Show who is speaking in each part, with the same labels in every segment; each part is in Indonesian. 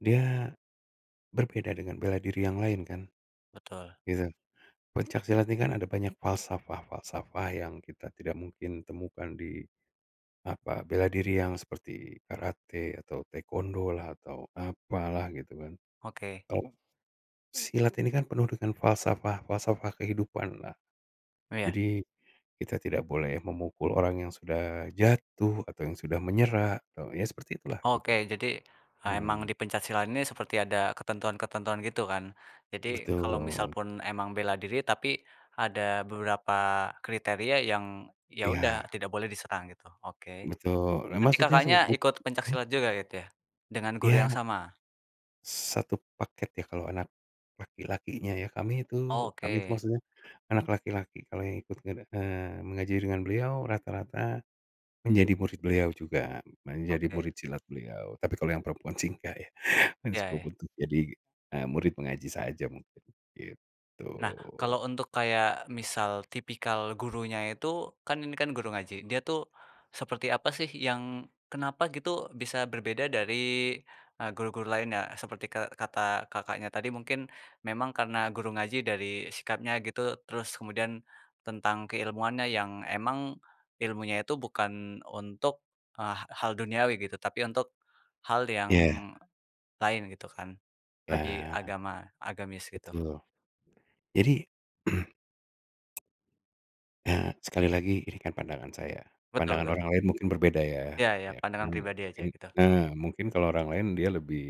Speaker 1: Dia berbeda dengan bela diri yang lain kan,
Speaker 2: Betul.
Speaker 1: gitu. Pencak silat ini kan ada banyak falsafah-falsafah yang kita tidak mungkin temukan di, apa, bela diri yang seperti karate, atau taekwondo lah, atau apalah gitu kan.
Speaker 2: Oke.
Speaker 1: Kalau silat ini kan penuh dengan falsafah-falsafah kehidupanlah.
Speaker 2: Iya.
Speaker 1: Jadi kita tidak boleh memukul orang yang sudah jatuh, atau yang sudah menyerah, atau ya seperti itulah
Speaker 2: Oke
Speaker 1: gitu.
Speaker 2: jadi, eee, emang
Speaker 1: Mhm.
Speaker 2: di pencak silat ini seperti ada ketentuan-ketentuan gitu kan. Jadi kalau misal
Speaker 1: Betul.
Speaker 2: pun emang bela diri, tapi ada beberapa kriteria yang, ya udah
Speaker 1: Iya.
Speaker 2: tidak boleh diserang gitu. Oke.
Speaker 1: Betul, ya
Speaker 2: Berarti
Speaker 1: maksudnya, se
Speaker 2: Kakaknya
Speaker 1: buk
Speaker 2: ikut pencak
Speaker 1: mmm.
Speaker 2: silat juga gitu ya? Dengan guru
Speaker 1: Iya.
Speaker 2: yang sama?
Speaker 1: Satu paket ya kalau anak laki-lakinya ya, kami itu kami itu
Speaker 2: Oke.
Speaker 1: maksudnya anak laki-laki kalau yang ikut ngede eee, mengaji dengan beliau rata-rata menjadi murid beliau juga. Menjadi
Speaker 2: Oke.
Speaker 1: murid silat beliau. Tapi kalau yang perempuan sih nggak ya,
Speaker 2: Ya
Speaker 1: [unintelligible]
Speaker 2: ya.
Speaker 1: butuh jadi, eee, murid mengaji saja mungkin. Gitu.
Speaker 2: Nah, kalau untuk kayak misal tipikal gurunya itu, kan ini kan guru ngaji, dia tuh seperti apa sih yang, kenapa gitu bisa berbeda dari, eee, guru-guru lainnya? Seperti ke kata Kakaknya tadi, mungkin memang karena guru ngaji dari sikapnya gitu, terus kemudian tentang keilmuannya yang emang ilmunya itu bukan untuk, eee, ha hal duniawi gitu. Tapi untuk hal yang
Speaker 1: Iya.
Speaker 2: lain gitu kan. Lebih
Speaker 1: Ya.
Speaker 2: agama, agamis gitu.
Speaker 1: Betul. Jadi, eee, sekali lagi ini kan pandangan saya.
Speaker 2: Betul
Speaker 1: Pandangan
Speaker 2: betul.
Speaker 1: orang lain mungkin berbeda ya.
Speaker 2: Ya ya.
Speaker 1: Ya kan
Speaker 2: Pandangan pribadi aja
Speaker 1: mungkin
Speaker 2: gitu.
Speaker 1: eee, mungkin kalau orang lain dia lebih,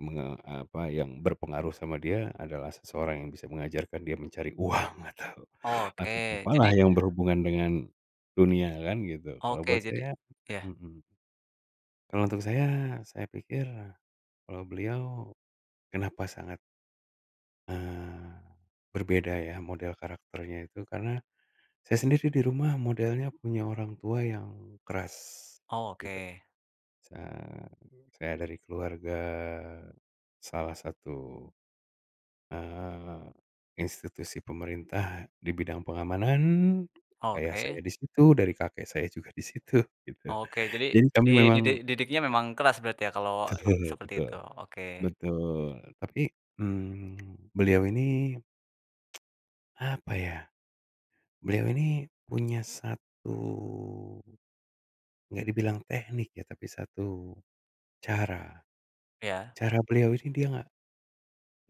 Speaker 1: menge apa, yang berpengaruh sama dia adalah seseorang yang bisa mengajarkan dia mencari uang atau atau
Speaker 2: Oke,
Speaker 1: apalah
Speaker 2: jadi
Speaker 1: yang berhubungan dengan dunia kan gitu. Kalau buat
Speaker 2: Oke, jadi
Speaker 1: saya
Speaker 2: ya.
Speaker 1: mhm. Kalau untuk saya, saya pikir kalau beliau kenapa sangat eee, berbeda ya model karakternya itu, karena saya sendiri di rumah modelnya punya orang tua yang keras
Speaker 2: Oh,
Speaker 1: gitu.
Speaker 2: oke.
Speaker 1: Sa saya dari keluarga salah satu, eee, institusi pemerintah di bidang pengamanan. Ayah saya
Speaker 2: Oke.
Speaker 1: di situ dari kakek saya juga di situ, gitu.
Speaker 2: Oke. Jadi
Speaker 1: Jadi kami
Speaker 2: dididik
Speaker 1: memang
Speaker 2: didiknya memang keras berarti ya kalau
Speaker 1: Betul
Speaker 2: seperti
Speaker 1: betul.
Speaker 2: itu. Oke.
Speaker 1: Betul. Tapi, mmm, beliau ini, apa ya, beliau ini punya satu nggak dibilang teknik ya, tapi satu cara.
Speaker 2: Ya?
Speaker 1: Cara beliau ini dia nggak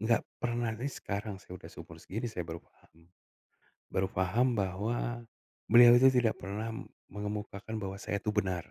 Speaker 1: nggak pernah nih sekarang saya udah seumur segini saya baru paham. Baru paham bahwa beliau itu tidak pernah m mengemukakan bahwa saya itu benar.